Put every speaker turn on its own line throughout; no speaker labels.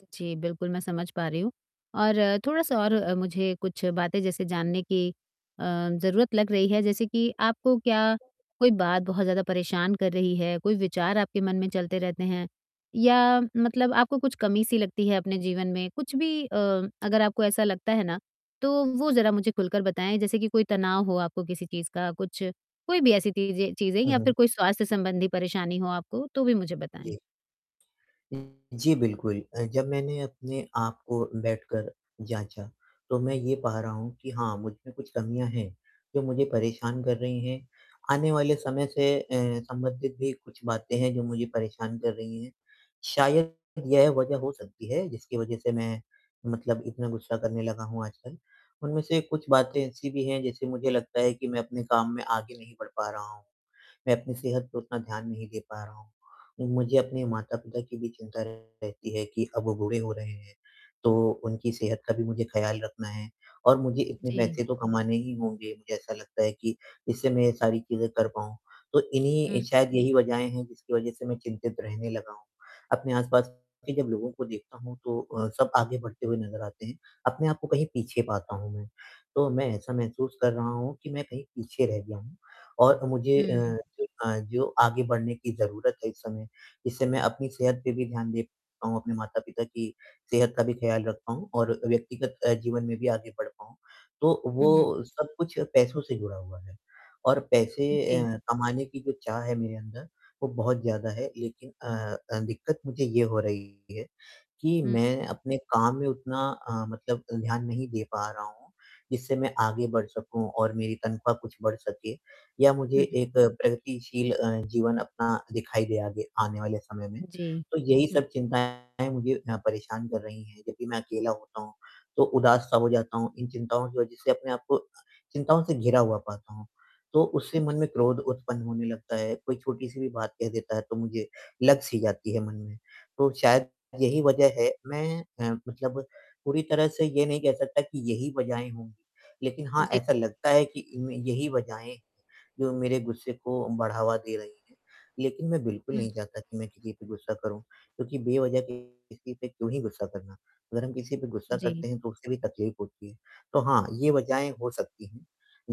जी, बिल्कुल, मैं समझ पा रही हूँ, और थोड़ा-सा और मुझे कुछ बातें, जैसे जानने की, अ, ज़रूरत लग रही है। जैसे कि आपको क्या कोई बात बहुत ज़्यादा परेशान कर रही है? कोई विचार आपके मन में चलते रहते हैं, या मतलब आपको कुछ कमी-सी लगती है अपने जीवन में? कुछ भी अ, अगर आपको ऐसा लगता है ना, तो वो ज़रा मुझे खुलकर बताएँ। जैसे कि कोई तनाव हो आपको किसी चीज़ का, कुछ कोई भी ऐसी तीज़ें चीज़ें
उ,
या
हुँ।
फिर कोई स्वास्थ्य संबंधी परेशानी हो आपको, तो भी मुझे बताएँ।
जी। [unintelligible] जी, बिल्कुल। अ, जब मैंने अपने आप को बैठकर जाँचा, तो मैं ये पा रहा हूँ कि हाँ, मुझमें कुछ कमियाँ हैं, जो मुझे परेशान कर रही हैं। आने वाले समय से अ, संबंधित भी कुछ बातें हैं, जो मुझे परेशान कर रही हैं। शायद यह वज़ह हो सकती है, जिसकी वजह से मैं मतलब इतना गुस्सा करने लगा हूँ आजकल। उनमें से कुछ बातें ऐसी भी हैं, जैसे मुझे लगता है कि मैं अपने काम में आगे नहीं बढ़ पा रहा हूँ। मैं अपनी सेहत को उतना ध्यान नहीं दे पा रहा हूँ। उ, मुझे अपने माता-पिता की भी चिंता रहती है कि अब वो बूढ़े हो रहे हैं। तो उनकी सेहत का भी मुझे ख़याल रखना है और मुझे इतने
जी।
पैसे तो कमाने ही होंगे मुझे ऐसा लगता है कि जिससे मैं ये सारी चीज़ें कर पाऊँ। तो
हुँ।
इन्हीं शायद यही वज़हें हैं, जिसकी वजह से मैं चिंतित रहने लगा हूँ। अपने आस-पास के जब लोगों को देखता हूँ, तो अ, सब आगे बढ़ते हुए नज़र आते हैं, अपने आप को कहीं पीछे पाता हूँ मैं। तो मैं ऐसा महसूस कर रहा हूँ कि मैं कहीं पीछे रह गया हूँ, और मुझे
हुँ,
अ,
हुँ।
जो अ, जो आगे बढ़ने की ज़रूरत है इस समय, जिससे मैं अपनी सेहत पे भी ध्यान दे पाऊँ, अपने माता-पिता की सेहत का भी ख़्याल रख पाऊँ और व्यक्तिगत अ, जीवन में भी आगे बढ़ पाऊँ। तो
हुँ।
वो सब कुछ पैसों से जुड़ा हुआ है, और पैसे
उ, जी।
अ, कमाने की जो चाह है मेरे अंदर, वो बहुत ज़्यादा है। लेकिन अ अ, दिक्कत मुझे ये हो रही है कि
हुँ।
मैं अपने काम में उतना अ, मतलब ध्यान नहीं दे पा रहा हूँ, जिससे मैं आगे बढ़ सकूँ और मेरी तनख्वाह कुछ बढ़ सके, या मुझे
हुँ, हुँ।
एक प्रगतिशील अ, जीवन अपना दिखाई दे आगे आने वाले समय में।
उ, जी।
तो यही
हुँ।
सब चिंताएँ मुझे हाँ परेशान कर रही हैं। जब भी मैं अकेला होता हूँ, तो उदास-सा हो जाता हूँ। इन चिंताओं की वज़ह से अपने आप को चिंताओं से घिरा हुआ पाता हूँ। तो उससे
हुँ,
मन
हुँ।
में क्रोध उत्पन्न होने लगता है। कोई छोटी-सी भी बात कह देता है, तो मुझे लग-सी जाती है मन में। तो शायद यही वजह है मैं अ, मतलब पूरी तरह से ये नहीं कह सकता कि यही वजहें होंगी, लेकिन हाँ,
जी।
ऐसा लगता है कि इनमें यही वज़हें, जो मेरे गुस्से को बढ़ावा दे रही हैं। लेकिन मैं बिल्कुल
हुँ।
नहीं चाहता कि मैं किसी पे गुस्सा करूँ, क्योंकि बेवज़ह के किसी पे क्यों ही गुस्सा करना। अगर हम किसी पे गुस्सा
जी।
करते हैं, तो उसे भी तकलीफ़ होती है। तो हाँ, ये वज़हें हो सकती हैं,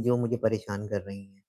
जो मुझे परेशान कर रही हैं।